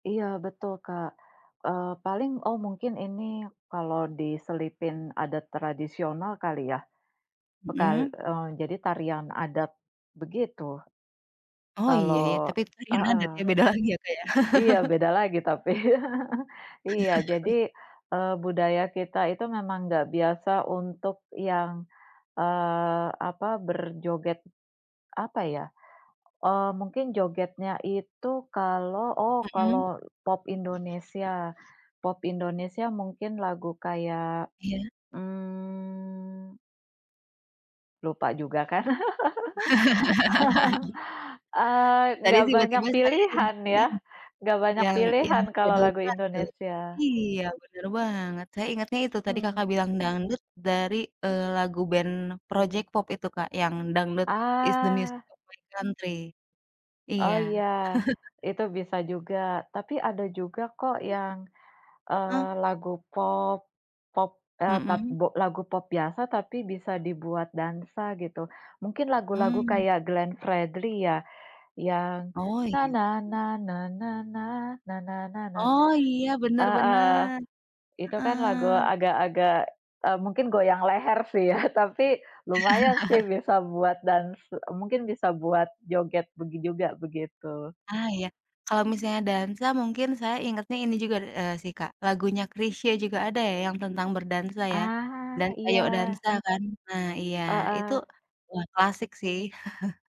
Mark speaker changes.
Speaker 1: Iya, betul, Kak, eee, paling oh mungkin ini, kalau diselipin adat tradisional kali ya, e kal
Speaker 2: Mhm.
Speaker 1: eee, jadi tarian adat, begitu,
Speaker 2: Oh,
Speaker 1: kalo
Speaker 2: iya, ya, tapi tadi nadanya
Speaker 1: heeh.
Speaker 2: beda lagi ya, Kak, ya.
Speaker 1: Iya, beda lagi tapi. Iya, jadi, eee, budaya kita itu memang enggak biasa untuk yang, eee, apa berjoget, apa ya, eee, mungkin jogetnya itu kalau oh,
Speaker 2: Mhm.
Speaker 1: kalau, pop Indonesia pop Indonesia mungkin lagu kayak,
Speaker 2: Iya.
Speaker 1: mmm. Lupa juga kan, eee,
Speaker 2: Tadi
Speaker 1: enggak banyak
Speaker 2: tiba-tiba saya
Speaker 1: pilihan
Speaker 2: ingatnya
Speaker 1: ya,
Speaker 2: yang
Speaker 1: enggak banyak
Speaker 2: yang yang
Speaker 1: pilihan kalau
Speaker 2: judul
Speaker 1: lagu
Speaker 2: dangdut,
Speaker 1: Indonesia.
Speaker 2: iya, bener banget, saya ingatnya itu tadi
Speaker 1: Mhm.
Speaker 2: Kakak bilang dangdut dari, eee, lagu band Project Pop itu Kak yang, Dangdut is The Music
Speaker 1: Ah.
Speaker 2: of My Country,
Speaker 1: Oh,
Speaker 2: iya.
Speaker 1: iya, itu bisa juga tapi ada juga kok yang,
Speaker 2: Heeh.
Speaker 1: eee, lagu pop pop, eee, tap
Speaker 2: Mhm.
Speaker 1: bo lagu pop biasa tapi bisa dibuat dansa gitu. Mungkin lagu-lagu
Speaker 2: Mmm.
Speaker 1: kayak Glenn Fredly ya yang,
Speaker 2: Oh, iya. Oh, iya, bener
Speaker 1: heeh,
Speaker 2: bener,
Speaker 1: itu kan lagu
Speaker 2: heeh.
Speaker 1: agak-agak, eee, mungkin goyang leher sih ya tapi lumayan sih bisa buat dans mungkin bisa buat joget begi juga begitu.
Speaker 2: Ah, iya, kalau misalnya dansa mungkin saya ingetnya ini juga nih eee, sih Kak lagunya Chrisye juga ada ya yang tentang berdansa ya,
Speaker 1: Ah,
Speaker 2: Dansa Yok
Speaker 1: iya.
Speaker 2: Dansa kan? Nah, iya, itu,
Speaker 1: Heeh.
Speaker 2: wah, klasik sih.